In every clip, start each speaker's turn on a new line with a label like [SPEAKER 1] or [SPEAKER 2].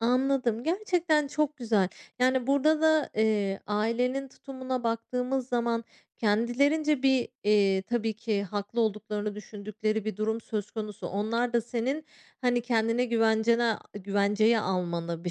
[SPEAKER 1] Anladım. Gerçekten çok güzel. Yani, burada da, eee, ailenin tutumuna baktığımız zaman kendilerince bir, iii, tabii ki haklı olduklarını düşündükleri bir durum söz konusu. Onlar da senin, hani, kendini güvencene güvenceye almanı bir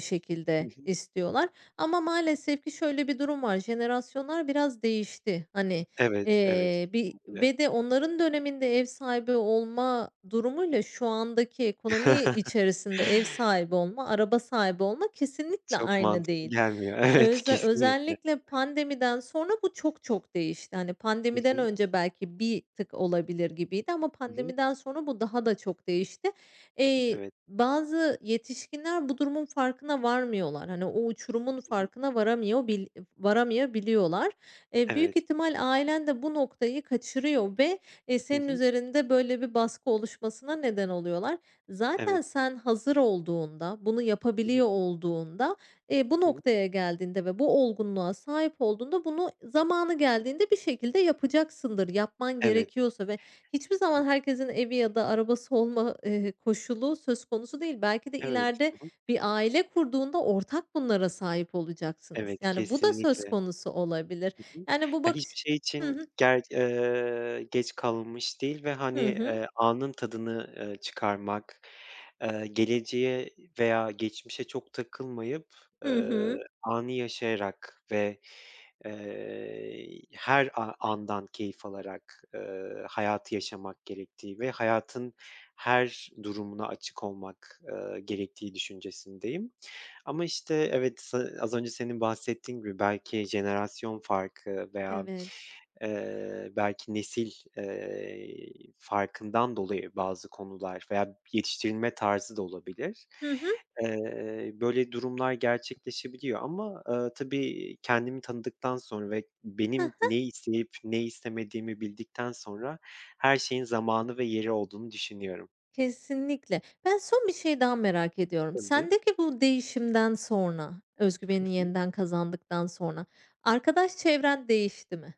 [SPEAKER 2] Hı
[SPEAKER 1] şekilde
[SPEAKER 2] hı.
[SPEAKER 1] istiyorlar, ama maalesef ki şöyle bir durum var, jenerasyonlar biraz değişti. Hani,
[SPEAKER 2] Evet, evet.
[SPEAKER 1] eee, bir
[SPEAKER 2] Kesinlikle.
[SPEAKER 1] ve de onların döneminde ev sahibi olma durumuyla şu andaki ekonomi içerisinde ev sahibi olma, araba sahibi olma kesinlikle
[SPEAKER 2] Çok
[SPEAKER 1] aynı
[SPEAKER 2] mantıklı
[SPEAKER 1] değil.
[SPEAKER 2] gelmiyor, evet,
[SPEAKER 1] Öz
[SPEAKER 2] kesinlikle.
[SPEAKER 1] özellikle pandemiden sonra bu çok çok değişti. Hani,
[SPEAKER 2] Hı
[SPEAKER 1] pandemiden
[SPEAKER 2] hı.
[SPEAKER 1] önce belki bir tık olabilir gibiydi ama
[SPEAKER 2] Hı hı.
[SPEAKER 1] pandemiden sonra bu daha da çok değişti. İii,
[SPEAKER 2] Evet.
[SPEAKER 1] bazı yetişkinler bu durumun farkına varmıyorlar, hani, o uçurumun
[SPEAKER 2] Hı hı.
[SPEAKER 1] farkına varamıyorbil varamayabiliyorlar. E, büyük
[SPEAKER 2] Evet.
[SPEAKER 1] ihtimal ailen de bu noktayı kaçırıyor ve, ııı,
[SPEAKER 2] Hı
[SPEAKER 1] senin
[SPEAKER 2] hı.
[SPEAKER 1] üzerinde, böyle, bir baskı oluşmasına neden oluyorlar. Zaten
[SPEAKER 2] Evet.
[SPEAKER 1] sen hazır olduğunda, bunu
[SPEAKER 2] Hı
[SPEAKER 1] yapabiliyor
[SPEAKER 2] hı.
[SPEAKER 1] olduğunda, iii, bu
[SPEAKER 2] Hı hı.
[SPEAKER 1] noktaya geldiğinde ve bu olgunluğa sahip olduğunda, bunu zamanı geldiğinde bir şekilde yapacaksındır, yapman
[SPEAKER 2] Evet.
[SPEAKER 1] gerekiyorsa ve hiçbir zaman herkesin evi ya da arabası olma, eee, koşulu söz konusu değil. Belki de
[SPEAKER 2] Evet.
[SPEAKER 1] ileride
[SPEAKER 2] Hı hı.
[SPEAKER 1] bir aile kurduğunda ortak bunlara sahip olacaksınız.
[SPEAKER 2] Evet,
[SPEAKER 1] Yani, bu da söz
[SPEAKER 2] kesinlikle.
[SPEAKER 1] konusu olabilir.
[SPEAKER 2] Hı hı.
[SPEAKER 1] Yani, bu
[SPEAKER 2] Ya,
[SPEAKER 1] bakış
[SPEAKER 2] hiçbir şey
[SPEAKER 1] Hı
[SPEAKER 2] için
[SPEAKER 1] hı.
[SPEAKER 2] ger ııı, geç kalınmış değil ve, hani,
[SPEAKER 1] Hı hı.
[SPEAKER 2] eee, anın tadını, ııı, çıkarmak. Iıı, geleceğe veya geçmişe çok takılmayıp,
[SPEAKER 1] Hı
[SPEAKER 2] ııı,
[SPEAKER 1] hı.
[SPEAKER 2] anı yaşayarak ve, ııı, her a andan keyif alarak, ııı, hayatı yaşamak gerektiği ve hayatın her durumuna açık olmak, ııı, gerektiği düşüncesindeyim ama, işte, evet, ııı, az önce senin bahsettiğin gibi belki jenerasyon farkı veya,
[SPEAKER 1] Evet.
[SPEAKER 2] eee, belki nesil, eee, farkından dolayı bazı konular veya yetiştirilme tarzı da olabilir.
[SPEAKER 1] Hı hı.
[SPEAKER 2] Iıı, böyle durumlar gerçekleşebiliyor ama, ııı, tabii kendimi tanıdıktan sonra ve
[SPEAKER 1] He he.
[SPEAKER 2] benim ne isteyip ne istemediğimi bildikten sonra her şeyin zamanı ve yeri olduğunu düşünüyorum.
[SPEAKER 1] Kesinlikle. Ben son bir şey daha merak ediyorum.
[SPEAKER 2] Tabii.
[SPEAKER 1] Sendeki bu değişimden sonra, öz
[SPEAKER 2] Hı
[SPEAKER 1] güveni
[SPEAKER 2] hı.
[SPEAKER 1] yeniden kazandıktan sonra, arkadaş çevren değişti mi?